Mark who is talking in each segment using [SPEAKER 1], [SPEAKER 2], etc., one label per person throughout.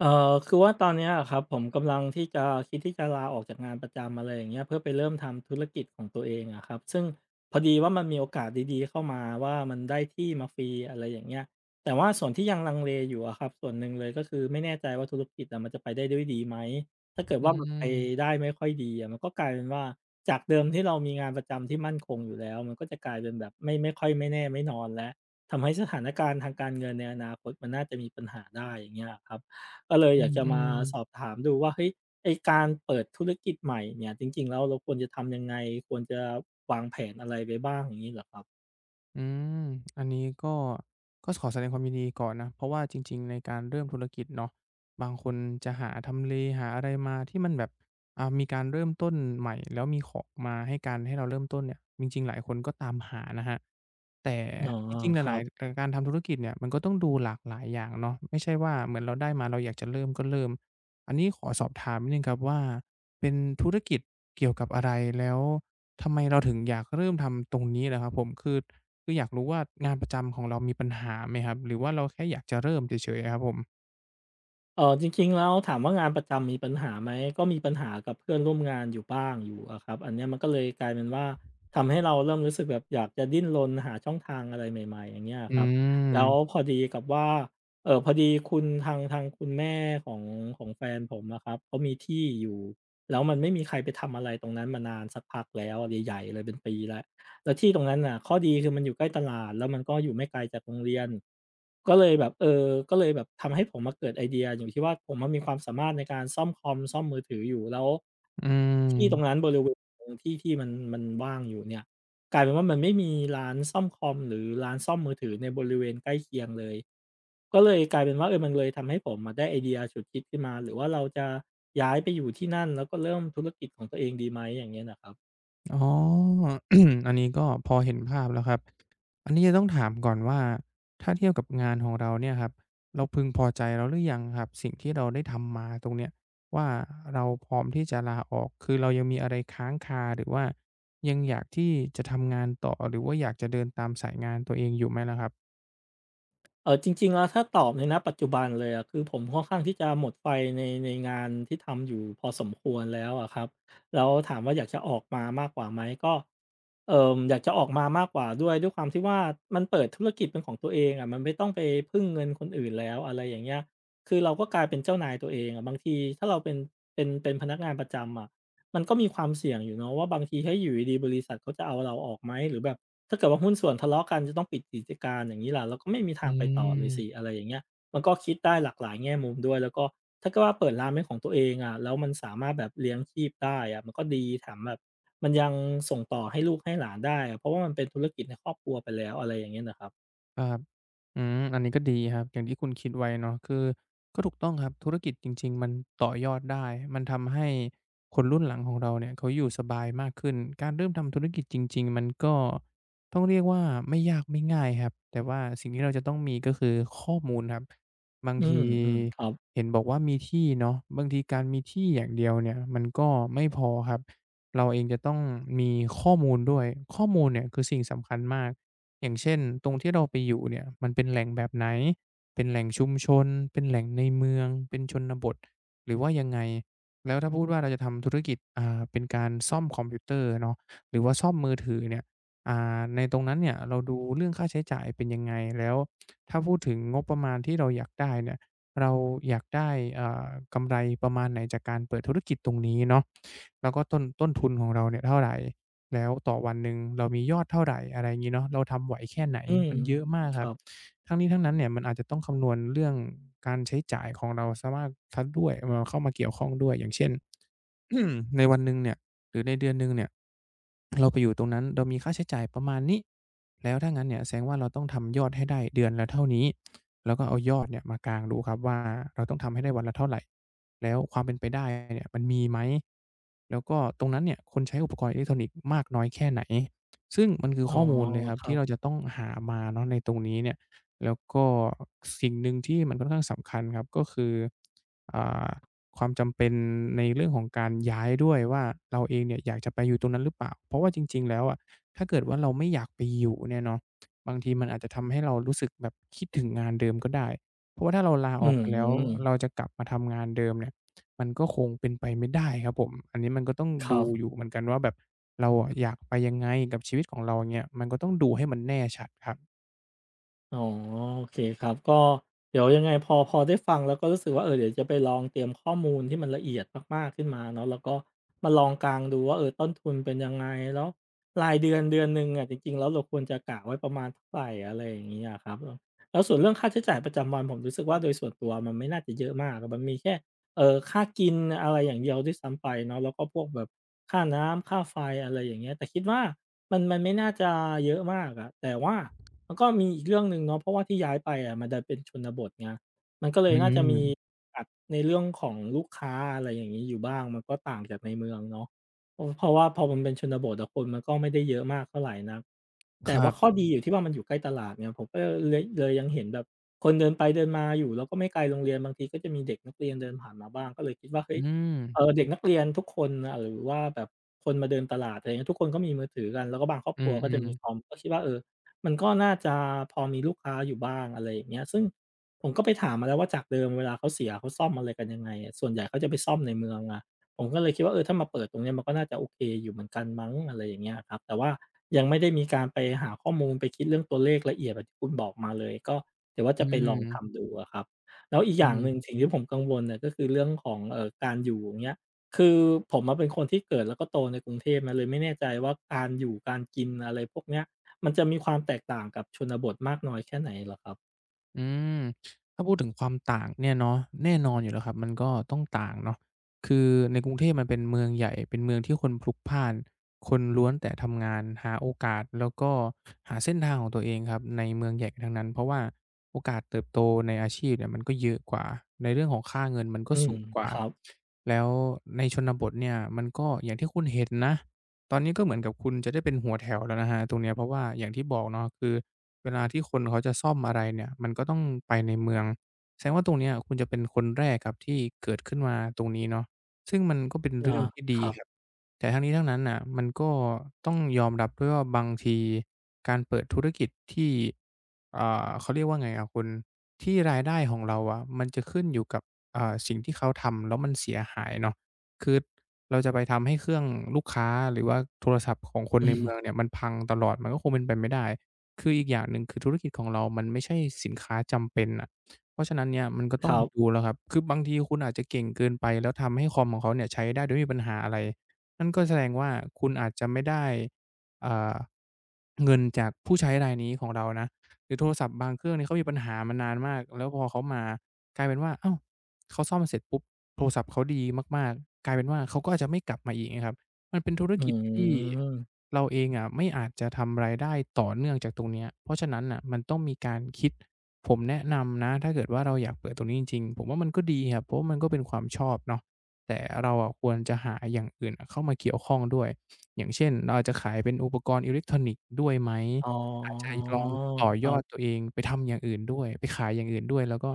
[SPEAKER 1] เอ่อ คือว่าตอนนี้อะครับ ผมกำลังที่จะคิดที่จะลาออกจากงานประจำ อะไรอย่างเงี้ย เพื่อไปเริ่มทำธุรกิจของตัวเองอะครับ ซึ่งพอดีว่ามันมีโอกาสดี ๆ เข้ามาว่า มันได้ที่มาฟรี อะไรอย่างเงี้ย แต่ว่าส่วนที่ยังลังเลอยู่อะครับ ส่วนหนึ่งเลย ก็คือไม่แน่ใจว่าธุรกิจอะ มันจะไปได้ด้วยดีไหม? ถ้าเกิด
[SPEAKER 2] อื
[SPEAKER 1] ว่ามันไป
[SPEAKER 2] ม
[SPEAKER 1] ได้ไม่ค่อยดีอะ มันก็กลายเป็นว่า จากเดิมที่เรามีงานประจำที่มั่นคงอยู่แล้ว มันก็จะกลายเป็นแบบไม่ ไม่ค่อยไม่แน่ไม่นอนแล้ว ทำให้สถานการณ์ทางการเงินในอนาคต มันน่าจะมีปัญหาได้ อย่างเงี้ยครับ ก็เลย
[SPEAKER 2] อื
[SPEAKER 1] อยากจะมา
[SPEAKER 2] ม ๆ
[SPEAKER 1] สอบถามดูว่า เฮ้ย ไอ้การเปิดธุรกิจใหม่เนี่ย จริง ๆ แล้ว เราควรจะทำยังไง ควรจะวางแผนอะไรไปบ้างอย่างนี้เหรอครับ?
[SPEAKER 2] อืม อันนี้ ก็ ก็ขอแสดงความยินดีก่อนนะ เพราะว่าจริง ๆ ในการเริ่มธุรกิจเนาะ บางคนจะหาทำเลหาอะไรมา ที่มันแบบ อ่า มีการเริ่มต้นใหม่ แล้วมีของมาให้การให้เราเริ่มต้นเนี่ย จริง ๆ หลายคนก็ตามหานะครับ แต่
[SPEAKER 1] อ๋อ
[SPEAKER 2] จริง ๆ ห
[SPEAKER 1] ครั
[SPEAKER 2] ลาย
[SPEAKER 1] บ
[SPEAKER 2] ๆ เอ่อ การทำธุรกิจเนี่ย มันก็ต้องดูหลากหลายอย่างเนาะ ไม่ใช่ว่าเหมือนเราได้มา เราอยากจะเริ่มก็เริ่ม อันนี้ขอสอบถามนิดหนึ่งครับว่า เป็นธุรกิจ เกี่ยวกับอะไร แล้วทำไมเราถึงอยากเริ่มทำตรงนี้ล่ะครับผม คือ คือ อยากรู้ว่า งานประจำของเรามีปัญหาไหมครับ หรือว่าเราแค่อยากจะเริ่มเฉย ๆ ครับผม?
[SPEAKER 1] เอ่อ จริง ๆ แล้วถามว่างานประจำมีปัญหาไหม? ก็มีปัญหากับเพื่อนร่วมงานอยู่บ้างอยู่อะครับ อันนี้มันก็เลย กลายเป็นว่า ทำให้เราเริ่มรู้สึกแบบอยากจะดิ้นรนหาช่องทางอะไรใหม่ ๆ อย่างเงี้ยอ
[SPEAKER 2] อื
[SPEAKER 1] ะครับ แล้ว
[SPEAKER 2] ม
[SPEAKER 1] พอดีกับว่า เอ่อ พอดีคุณทาง ทางคุณแม่ของ ของแฟนผมอะครับเขามีที่อยู่ แล้วมันไม่มีใครไปทำอะไรตรงนั้นมานานสักพักแล้วอะ ใหญ่ ๆ เลย เป็นปีแล้ว แล้วที่ตรงนั้นน่ะ ข้อดีคือมันอยู่ใกล้ตลาด แล้วมันก็อยู่ไม่ไกลจากโรงเรียน ก็เลยแบบ เอ่อ ก็เลยแบบทำให้ผมมาเกิดไอเดียอยู่ที่ว่า ผมอะมีความสามารถในการซ่อมคอม ซ่อมมือถืออยู่ แล้ว
[SPEAKER 2] อื
[SPEAKER 1] ที่ตร
[SPEAKER 2] ม
[SPEAKER 1] งนั้น บริเวณที่ ที่มันว่างอยู่เนี่ย กลายเป็นว่ามันไม่มีร้านซ่อมคอม หรือร้านซ่อมมือถือในบริเวณใกล้เคียงเลย ก็เลยกลายเป็นว่า เออ มันเลยทำให้ผมได้ไอเดียฉุดคิดขึ้นมาหรือว่าเราจะย้ายไปอยู่ที่นั่น แล้วก็เริ่มธุรกิจของตัวเองดีไหม อย่างเงี้ยน่ะครับ?
[SPEAKER 2] [unintelligible] อ๋อ อันนี้ก็พอเห็นภาพแล้วครับ อันนี้จะต้องถามก่อนว่า ถ้าเทียบกับงานของเราเนี่ยครับ เราพึงพอใจแล้วหรือยังครับ สิ่งที่เราได้ทำมาตรงเนี้ยว่า เราพร้อมที่จะลาออก คือเรายังมีอะไรค้างคา หรือว่ายังอยากที่จะทำงานต่อ หรือว่าอยากจะเดินตามสายงานตัวเองอยู่ไหมล่ะครับ?
[SPEAKER 1] เอ่อ จริง ๆ แล้วถ้าตอบใน ณ ปัจจุบันเลยอะ คือผมค่อนข้างที่จะหมดไฟใน ในงานที่ทำอยู่พอสมควรแล้วอะครับ แล้วถามว่าอยากจะออกมามากกว่าไหม? ก็ เอ่อ อยากจะออกมามากกว่าด้วย ด้วยความที่ว่ามันเปิดธุรกิจเป็นของตัวเองอะ มันไม่ต้องไปพึ่งเงินคนอื่นแล้ว อะไรอย่างเงี้ย คือเราก็กลายเป็นเจ้านายตัวเองอะ บางทีถ้าเราเป็น เป็นพนักงานประจำอะ มันก็มีความเสี่ยงอยู่เนาะ ว่าบางทีถ้าอยู่ดี ๆ บริษัทเขาจะเอาเราออกไหม? หรือแบบถ้าเกิดว่าหุ้นส่วนทะเลาะกัน จะต้องปิดกิจการอย่างนี้ล่ะ เราก็ไม่มีท
[SPEAKER 2] อื
[SPEAKER 1] างไปต่อเลยส
[SPEAKER 2] ม
[SPEAKER 1] ิ อะไรอย่างเงี้ย มันก็คิดได้หลากหลายแง่มุมด้วย แล้วก็ถ้าเกิดว่าเปิดร้านเป็นของตัวเองอะ แล้วมันสามารถแบบเลี้ยงชีพได้อะ มันก็ดีแถมแบบ มันยังส่งต่อให้ลูกให้หลานได้ เพราะว่ามันเป็นธุรกิจในครอบครัวไปแล้ว อะไรอย่างนี้น่ะครับ
[SPEAKER 2] อ่า อืม อันนี้ก็ดีครับ อย่างที่คุณคิดไว้เนาะ คือก็ถูกต้องครับ ธุรกิจจริง ๆ มันต่อยอดได้ มันทำให้คนรุ่นหลังของเราเนี่ย เขาอยู่สบายมากขึ้น การเริ่มทำธุรกิจจริง ๆ มันก็ ต้องเรียกว่าไม่ยากไม่ง่ายครับ แต่ว่าสิ่งที่เราจะต้องมี ก็คือข้อมูลครับ บาง
[SPEAKER 1] อื
[SPEAKER 2] ที
[SPEAKER 1] ม ๆ ครับ
[SPEAKER 2] เห็นบอกว่ามีที่เนาะ บางทีการมีที่อย่างเดียวเนี่ย มันก็ไม่พอครับ เราเองจะต้องมีข้อมูลด้วย ข้อมูลเนี่ยคือสิ่งสำคัญมาก อย่างเช่น ตรงที่เราไปอยู่เนี่ย มันเป็นแหล่งแบบไหน? เป็นแหล่งชุมชน เป็นแหล่งในเมือง เป็นชนบท หรือว่ายังไง แล้วถ้าพูดว่าเราจะทำธุรกิจ อ่า เป็นการซ่อมคอมพิวเตอร์เนาะ หรือว่าซ่อมมือถือเนี่ย อ่า ในตรงนั้นเนี่ย เราดูเรื่องค่าใช้จ่ายเป็นยังไง? แล้วถ้าพูดถึงงบประมาณที่เราอยากได้เนี่ย เราอยากได้ อ่า กำไรประมาณไหนจากการเปิดธุรกิจตรงนี้เนาะ แล้วก็ต้น ต้นทุนของเราเนี่ยเท่าไร? แล้วต่อวันหนึ่งเรามียอดเท่าไร? อะไรงี้เนาะ เราทำไหวแค่ไหน?
[SPEAKER 1] อืม
[SPEAKER 2] มันเยอะมาก
[SPEAKER 1] ค
[SPEAKER 2] คร
[SPEAKER 1] ร
[SPEAKER 2] ั
[SPEAKER 1] ั
[SPEAKER 2] บ
[SPEAKER 1] บ
[SPEAKER 2] ทั้งนี้ทั้งนั้นเนี่ย มันอาจจะต้องคำนวณเรื่องการใช้จ่ายของเราสามารถ ทัดด้วย [unintelligible] เข้ามาเกี่ยวข้องด้วย อย่างเช่น ในวันหนึ่งเนี่ย หรือในเดือนหนึ่งเนี่ย เราไปอยู่ตรงนั้น เรามีค่าใช้จ่ายประมาณนี้ แล้วถ้างั้นเนี่ยแสดงว่า เราต้องทำยอดให้ได้เดือนละเท่านี้ แล้วก็เอายอดเนี่ยมากางดูครับว่า เราต้องทำได้วันละเท่าไร? แล้วความเป็นไปได้ เนี่ย มันมีไหม? แล้วก็ตรงนั้นเนี่ย คนใช้อุปกรณ์อิเล็กทรอนิกส์มากน้อยแค่ไหน? ซึ่งมันคือ
[SPEAKER 1] อ๋
[SPEAKER 2] ข
[SPEAKER 1] อ
[SPEAKER 2] ้อมูลเลยครับ
[SPEAKER 1] คร
[SPEAKER 2] ท
[SPEAKER 1] ั
[SPEAKER 2] ี่เ
[SPEAKER 1] บ
[SPEAKER 2] ราจะต้องหามาเนาะในตรงนี้เนี่ย แล้วก็สิ่งหนึ่งที่มันค่อนข้างสำคัญครับ ก็คือ อ่า ความจำเป็นในเรื่องของการย้ายด้วยว่า เราเองเนี่ยอยากจะไปอยู่ตรงนั้นหรือเปล่า? เพราะว่าจริง ๆ แล้วอะ ถ้าเกิดว่าเราไม่อยากไปอยู่เนี่ยเนาะ บางทีมันอาจจะทำให้เรารู้สึกแบบคิดถึงงานเดิมก็ได้ เพราะว่าถ้าเราลา
[SPEAKER 1] อื
[SPEAKER 2] ออกไปแล้ว
[SPEAKER 1] ม
[SPEAKER 2] เราจะกลับมาทำงานเดิมเนี่ย มันก็คงเป็นไปไม่ได้ครับผม อันนี้มันก็ต้อง
[SPEAKER 1] ค
[SPEAKER 2] ด
[SPEAKER 1] ร
[SPEAKER 2] ู
[SPEAKER 1] ับ
[SPEAKER 2] อยู่เหมือนกันว่าแบบ เราอะอยากไป ยังไงกับชีวิตของเราเนี่ย ก็ต้องดูให้มันแน่ชัดครับ
[SPEAKER 1] อ๋อ โอเคครับ ก็เดี๋ยวยังไงพอ พอได้ฟังแล้วก็รู้สึกว่า เอ่อ เดี๋ยวจะไปลองเตรียมข้อมูลที่มันละเอียดมาก ๆ ขึ้นมาเนาะ แล้วก็มาลองกางดูว่า เอ่อ ต้นทุนเป็นยังไง แล้วรายเดือนเดือนหนึ่งอะ จริง ๆ แล้วเราควรจะกะไว้ประมาณเท่าไร อะไร อย่างนี้อะครับ แล้วส่วนเรื่องค่าใช้จ่ายประจำวันผมรู้สึกว่า โดยส่วนตัวมันไม่น่าจะเยอะมาก มันมีแค่ เอ่อ ค่ากิน อะไรอย่างเดียวด้วยซ้ำไปเนาะ แล้วก็พวกแบบค่าน้ำ ค่าไฟ อะไรอย่างเงี้ย แต่คิดว่ามัน มันไม่น่าจะเยอะมากอะ แต่ว่า มันก็มีอีกเรื่องหนึ่งเนาะ เพราะว่าที่ย้ายไปอะมันเป็นชนบทไง มันก็เล
[SPEAKER 2] อ
[SPEAKER 1] ย
[SPEAKER 2] ื
[SPEAKER 1] น่าจะ มี
[SPEAKER 2] ม
[SPEAKER 1] แบบในเรื่องของลูกค้า อะไรอย่างนี้อยู่บ้าง มันก็ต่างจากในเมืองเนาะ เพราะ เพราะว่าพอมันเป็นชนบทอะ คนมันก็ไม่ได้เยอะมากเท่าไรนัก แต
[SPEAKER 2] ค
[SPEAKER 1] ่
[SPEAKER 2] ร
[SPEAKER 1] ว่
[SPEAKER 2] ั
[SPEAKER 1] าข้อ
[SPEAKER 2] บ
[SPEAKER 1] ดีอยู่ที่ว่ามันอยู่ใกล้ตลาดเนี่ย ผมก็ ล เลย เลยยังเห็นแบบคนเดินไปเดินมาอยู่ แล้วก็ไม่ไกลโรงเรียน บางทีก็จะมีเด็กนักเรียนเดินผ่านมาบ้าง ก็เลยคิดว่า เฮ้
[SPEAKER 2] อื
[SPEAKER 1] ย เอ่
[SPEAKER 2] ม
[SPEAKER 1] อ เด็กนักเรียนทุกคน อ่า หรือว่าแบบคนมาเดินตลาด อะไรเงี้ย ทุกคนก็มีมือถือกัน แล้วก็บางครอบ
[SPEAKER 2] อื
[SPEAKER 1] ครัวก็จะม
[SPEAKER 2] อ
[SPEAKER 1] ี
[SPEAKER 2] ๆ
[SPEAKER 1] คอม ก็คิดว่า เอ่อ มันก็น่าจะพอมีลูกค้าอยู่บ้าง อะไรอย่างเงี้ย ซึ่ง ผมก็ไปถามมาแล้วว่าจากเดิมเวลาเขาเสียเขาซ่อมอะไรกันยังไง ส่วนใหญ่เขาจะไปซ่อมในเมืองอะ ผมก็เลยคิดว่า เออ ถ้ามาเปิดตรงนี้มันก็น่าจะโอเคอยู่เหมือนกันมั้ง อะไรอย่างเงี้ยอะครับ แต่ว่า ยังไม่ได้มีการไปหาข้อมูลไปคิดเรื่องตัวเลขละเอียดที่คุณบอกมาเลย ก็เดี๋ยวว่า
[SPEAKER 2] อ
[SPEAKER 1] จ
[SPEAKER 2] ื
[SPEAKER 1] ะไปลองท
[SPEAKER 2] ม
[SPEAKER 1] ำดูอะครับ แล้วอีก
[SPEAKER 2] อ
[SPEAKER 1] อย
[SPEAKER 2] ื
[SPEAKER 1] ่างหนึ
[SPEAKER 2] ม
[SPEAKER 1] ่งสิ่งที่ผมกังวลก็คือเรื่องของ เอ่อ การอยู่ อย่างเงี้ย คือผมอะเป็นคนที่เกิดแล้วก็โตในกรุงเทพนะ เลยไม่แน่ใจว่าการอยู่ การกิน อะไรพวกเนี้ย มันจะมีความแตกต่างกับชนบทมากน้อยแค่ไหนเหรอครับ?
[SPEAKER 2] อืม ถ้าพูดถึงความต่างเนี่ยเนาะ แน่นอนอยู่แล้วครับ มันก็ต้องต่างเนาะ คือในกรุงเทพมันเป็นเมืองใหญ่ เป็นเมืองที่คนพลุกพล่าน คนล้วนแต่ทำงานหาโอกาส แล้วก็หาเส้นทางของตัวเองครับในเมืองใหญ่ทั้งนั้น เพราะว่าโอกาสเติบโตในอาชีพเนี่ยมันก็เยอะกว่า ในเรื่องของค่าเงินมันก
[SPEAKER 1] อ
[SPEAKER 2] ็
[SPEAKER 1] ื
[SPEAKER 2] ส
[SPEAKER 1] ม
[SPEAKER 2] ูงกว่
[SPEAKER 1] ค
[SPEAKER 2] า
[SPEAKER 1] รับ
[SPEAKER 2] แล้วในชนบทเนี่ย มันก็อย่างที่คุณเห็นนะ ตอนนี้ก็เหมือนกับคุณจะได้เป็นหัวแถวแล้วนะครับตรงเนี้ย เพราะว่าอย่างที่บอกเนาะ คือเวลาที่คนเขาจะซ่อมอะไรเนี่ยมันก็ต้องไปในเมือง แสดงว่าตรงเนี้ยคุณจะเป็นคนแรกครับที่เกิดขึ้นมาตรงนี้เนาะ ซึ่งมันก็เป็น
[SPEAKER 1] อ
[SPEAKER 2] เร
[SPEAKER 1] า
[SPEAKER 2] ื่องที่ด
[SPEAKER 1] ค
[SPEAKER 2] ี
[SPEAKER 1] รับ
[SPEAKER 2] ครับ แต่ทั้งนี้ทั้งนั้นน่ะ มันก็ ต้องยอมรับด้วยว่า บางทีการเปิดธุรกิจที่ อ่า เขาเรียกว่าไงอะคุณ ที่รายได้ของเราอะมันจะขึ้นอยู่กับ อ่า สิ่งที่เขาทำแล้วมันเสียหายเนาะ คือเราจะไปทำให้เครื่องลูกค้าหรือว่าโทรศัพท์ของคน
[SPEAKER 1] อื
[SPEAKER 2] ในเมื
[SPEAKER 1] ม
[SPEAKER 2] องเนี่ยมันพังตลอด มันก็คงเป็นไปไม่ได้ คืออีกอย่างหนึ่ง คือธุรกิจของเรามันไม่ใช่สินค้าจำเป็นอะ เพราะฉะนั้นเนี่ย มันก็ต
[SPEAKER 1] ค
[SPEAKER 2] ้อง
[SPEAKER 1] รับ
[SPEAKER 2] ดูแล้วครับ คือบางทีคุณอาจจะเก่งเกินไป แล้วทำให้คอมของเขาเนี่ยใช้ได้โดยไม่มีปัญหาอะไร นั่นก็แสดงว่า คุณอาจจะไม่ได้ อ่า เงินจากผู้ใช้รายนี้ของเรานะ หรือโทรศัพท์บางเครื่องเนี่ย เขามีปัญหามานานมากแล้วพอเขามากลายเป็นว่า อ้าว! เขาซ่อมเสร็จปุ๊บ! โทรศัพท์เขาดีมาก ๆ กลายเป็นว่า เขาก็อาจจะไม่กลับมาอีก เงี้ยครับ มันเป็นธุร
[SPEAKER 1] อื
[SPEAKER 2] กิจที่
[SPEAKER 1] ม
[SPEAKER 2] เราเองอะไม่อาจจะทำรายได้ต่อเนื่องจากตรงเนี้ย เพราะฉะนั้นน่ะมันต้องมีการคิด ผมแนะนำนะถ้าเกิดว่า เราอยากเปิดตรงนี้จริง ๆ ผมว่ามันก็ดีครับ เพราะว่ามันก็เป็นความชอบเนาะ แต่เราอะควรจะหาอย่างอื่นอะเข้ามาเกี่ยวข้องด้วย อย่างเช่น เราอาจจะขายเป็นอุปกรณ์อิเล็กทรอนิกส์ด้วยไหม
[SPEAKER 1] อ๋อ
[SPEAKER 2] อาจจะลอง ต่อ
[SPEAKER 1] ค
[SPEAKER 2] ย
[SPEAKER 1] รั
[SPEAKER 2] อ
[SPEAKER 1] บ
[SPEAKER 2] ดตัวเองไปทำอย่างอื่นด้วย ไปขายอย่างอื่นด้วย แล้วก็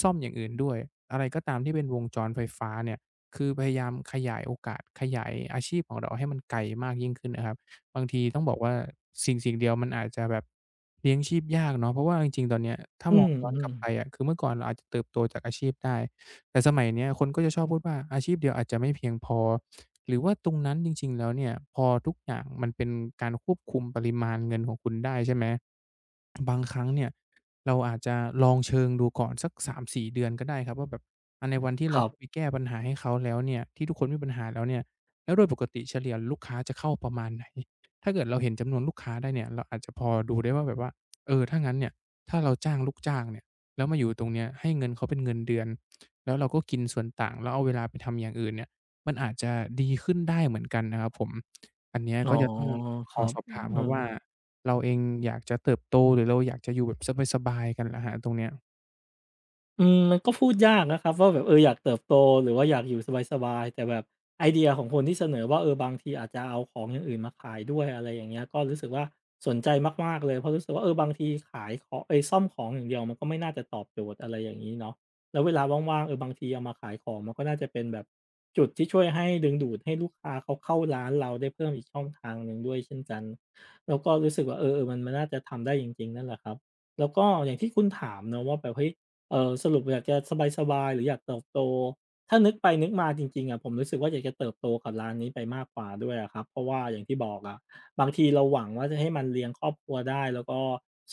[SPEAKER 2] ซ่อมอย่างอื่นด้วย อะไรก็ตามที่เป็นวงจรไฟฟ้าเนี่ย คือพยายามขยายโอกาสขยายอาชีพของเราให้มันไกลมากยิ่งขึ้นน่ะครับ บางทีต้องบอกว่าสิ่ง ๆ เดียวมันอาจจะแบบเลี้ยงชีพยากเนาะ เพราะว่าจริง ๆ ตอนเนี้ยถ้า
[SPEAKER 1] อื
[SPEAKER 2] มองย้อนกลั
[SPEAKER 1] ม
[SPEAKER 2] บ
[SPEAKER 1] ๆ
[SPEAKER 2] ไปอะ คือเมื่อก่อนเราอาจจะ เติบโตจากอาชีพได้ แต่สมัยเนี้ยคนก็จะชอบพูดว่าอาชีพเดียวอาจจะไม่เพียงพอ หรือว่าตรงนั้นจริง ๆ แล้วเนี่ย พอทุกอย่างมันเป็นการควบคุมปริมาณเงินของคุณได้ ใช่ไหม บางครั้งเนี่ย เราอาจจะลองเชิงดูก่อนสัก 3-4 เดือนก็ได้ครับ ว่าแบบ อะ ในวันที่เ
[SPEAKER 1] ค
[SPEAKER 2] รา
[SPEAKER 1] รั
[SPEAKER 2] เข
[SPEAKER 1] บ
[SPEAKER 2] ้าไป แก้ปัญหาให้เขาแล้วเนี่ย ที่ทุกคนมีปัญหาแล้วเนี่ย แล้วโดยปกติเฉลี่ยลูกค้าจะเข้าประมาณไหน? ถ้าเกิดเราเห็นจำนวนลูกค้าได้เนี่ย เราอาจจะพอดูได้ว่าแบบว่า เอ่อ ถ้างั้นเนี่ย ถ้าเราจ้างลูกจ้างเนี่ย แล้วมาอยู่ตรงนี้ให้เงินเขาเป็นเงินเดือน แล้วเราก็กินส่วนต่างแล้วเอาเวลาไปทำอย่างอื่นเนี่ย มันอาจจะดีขึ้นได้เหมือนกันนะครับผม อันเนี้ย
[SPEAKER 1] อ๋อ
[SPEAKER 2] ก็จะต้อง
[SPEAKER 1] ค
[SPEAKER 2] ขอ
[SPEAKER 1] รับ
[SPEAKER 2] สอบ
[SPEAKER 1] อื
[SPEAKER 2] ถามครับว่า
[SPEAKER 1] ม
[SPEAKER 2] เราเองอยากจะเติบโต หรือเราอยากจะอยู่แบบสบาย ๆ กันครับ ตรงเนี้ย
[SPEAKER 1] อืม มันก็พูดยากนะครับว่าแบบ เอ่อ อยากเติบโต หรือว่าอยากอยู่สบาย ๆ แต่แบบไอเดียของคนที่เสนอว่า เอ่อ บางทีอาจจะเอาของอย่างอื่นมาขายด้วย อะไรอย่างเงี้ย ก็รู้สึกว่า สนใจมาก ๆ เลย เพราะรู้สึกว่า เออ บางทีขายของ เอ๊ย ซ่อมของอย่างเดียว มันก็ไม่น่าจะตอบโจทย์ อะไรอย่างนี้เนาะ แล้วเวลาว่าง ๆ เอ่อ บางทีเอามาขายของมันก็น่าจะเป็นแบบ จุดที่ช่วยให้ดึงดูดให้ลูกค้า เขาเข้าร้านเราได้เพิ่มอีกช่องทางหนึ่งด้วยเช่นกัน แล้วก็รู้สึกว่า เออ ๆ มันน่าจะทำได้จริง ๆ นั่นแหละครับ แล้วก็อย่างที่คุณถามนะว่าแบบ เฮ้ย! เอ่อ สรุปอยากจะสบาย ๆ หรืออยากเติบโต ถ้านึกไปนึกมาจริง ๆ อะ ผมรู้สึกว่า อยากจะเติบโตกับร้านนี้ไปมากกว่าด้วยอะครับ เพราะว่าอย่างที่บอกอะ บางทีเราหวังว่า จะให้มันเลี้ยงครอบครัวได้ แล้วก็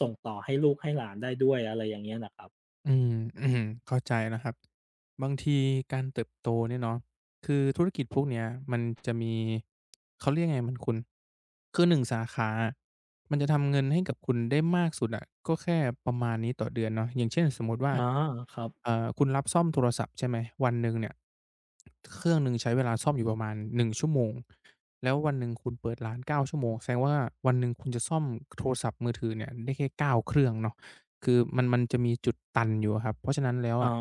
[SPEAKER 1] ส่งต่อให้ลูกให้หลานได้ด้วย อะไรอย่างนี้นะครับ
[SPEAKER 2] อืม ๆ อือฮึ เข้าใจนะครับ บางทีการเติบโตเนี่ยเนาะ คือธุรกิจพวกเนี้ยมัน จะมี เขาเรียกยังไง มัน คุณ คือ 1 สาขาอะ มันจะทำเงินให้กับคุณได้มากสุดอะ ก็แค่ประมาณนี้ต่อเดือนเนาะ อย่างเช่น สมมติว่า
[SPEAKER 1] อ๋อ ครับ
[SPEAKER 2] เอ่อ คุณรับซ่อมโทรศัพท์ใช่ไหม วันหนึ่งเนี่ย ค เครื่องหนึ่งใช้เวลาซ่อมอยู่ประมาณ 1 ชั่วโมง แล้ววันหนึ่งคุณเปิดร้าน 9 ชั่วโมง แสดงว่าวันหนึ่งคุณจะซ่อม โทรศัพท์มือถือเนี่ยได้แค่ 9 เครื่องเนาะ คือมัน มันจะมีจุดตันอยู่อะครับ เพราะฉะนั้นแล้ว
[SPEAKER 1] อ๋
[SPEAKER 2] อ
[SPEAKER 1] อ
[SPEAKER 2] ะ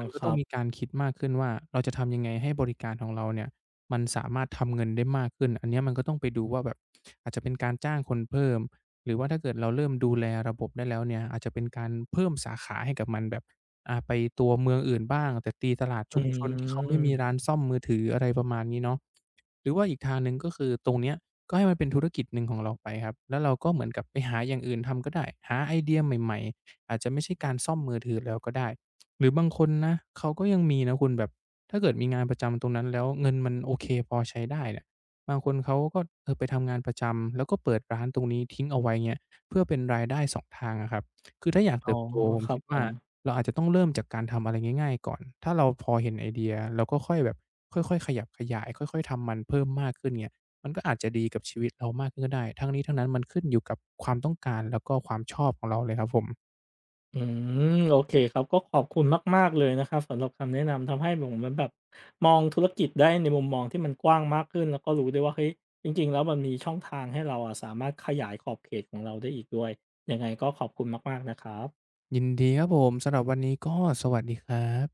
[SPEAKER 2] มันก
[SPEAKER 1] ค
[SPEAKER 2] ็
[SPEAKER 1] ร
[SPEAKER 2] ต้
[SPEAKER 1] ั
[SPEAKER 2] อง
[SPEAKER 1] บ
[SPEAKER 2] มีการคิดมากขึ้นว่า เราจะทำยังไงให้บริการของเราเนี่ย มันสามารถทำเงินได้มากขึ้น อันนี้มันก็ต้องไปดูว่าแบบ อาจจะเป็นการจ้างคนเพิ่ม หรือว่าถ้าเกิดเราเริ่มดูแลระบบได้แล้วเนี่ย อาจจะเป็นการเพิ่มสาขาให้กับมันแบบ อ่า ไปตัวเมืองอื่นบ้าง แต่ตีตลาด
[SPEAKER 1] อ
[SPEAKER 2] ชุมชนที่เขาไม่มี
[SPEAKER 1] ืม
[SPEAKER 2] ร้านซ่อมมือถืออะไรประมาณนี้เนาะ หรือว่าอีกทางหนึ่ง ก็คือตรงนี้ก็ให้มันเป็นธุรกิจหนึ่งของเราไปครับ แล้วเราก็เหมือนกับไปหาอย่างอื่นทำก็ได้ หาไอเดียใหม่ ๆ อาจจะไม่ใช่การซ่อมมือถือแล้วก็ได้ หรือบางคนนะ เขาก็ยังมีนะคุณแบบ ถ้าเกิดมีงานประจำตรงนั้น แล้วเงินมันโอเคพอใช้ได้เนี่ย บางคนเขาก็ไปทำงานประจำ แล้วก็เปิดร้านตรงนี้ทิ้งเอาไว้ เงี้ย เพื่อเป็นรายได้ 2 ทางอะครับ คือถ้าอยาก
[SPEAKER 1] อ
[SPEAKER 2] เ
[SPEAKER 1] ๋
[SPEAKER 2] ต
[SPEAKER 1] อ
[SPEAKER 2] ิบโตผม
[SPEAKER 1] คร
[SPEAKER 2] ค
[SPEAKER 1] ั
[SPEAKER 2] ิ
[SPEAKER 1] บ
[SPEAKER 2] ดว
[SPEAKER 1] ผ
[SPEAKER 2] ่า
[SPEAKER 1] ม
[SPEAKER 2] เราอาจจะต้องเริ่มจากการทำอะไรง่าย ๆ ก่อน ถ้าเราพอเห็นไอเดีย เราก็ค่อยแบบค่อย ๆ ขยับขยาย ค่อย ๆ ทำมันเพิ่มมากขึ้นเงี้ย มันก็อาจจะดีกับชีวิตเรามากขึ้นก็ได้ ทั้งนี้ ทั้งนั้นมันขึ้นอยู่กับความต้องการ แล้วก็ความชอบของเราเลยครับผม
[SPEAKER 1] อือ โอเคครับ ก็ขอบคุณมาก ๆ เลยนะครับ สำหรับคำแนะนำ ทำให้เหมือนผมแบบมองธุรกิจได้ในมุมมองที่มันกว้างมากขึ้น แล้วก็รู้ได้ว่า เฮ้ย จริง ๆ แล้วมันมีช่องทางให้เราอะ สามารถขยายขอบเขตของเราได้อีกด้วย ยังไงก็ขอบคุณมาก ๆ นะครับ
[SPEAKER 2] ยินดีครับผม สำหรับวันนี้ ก็สวัสดีครับ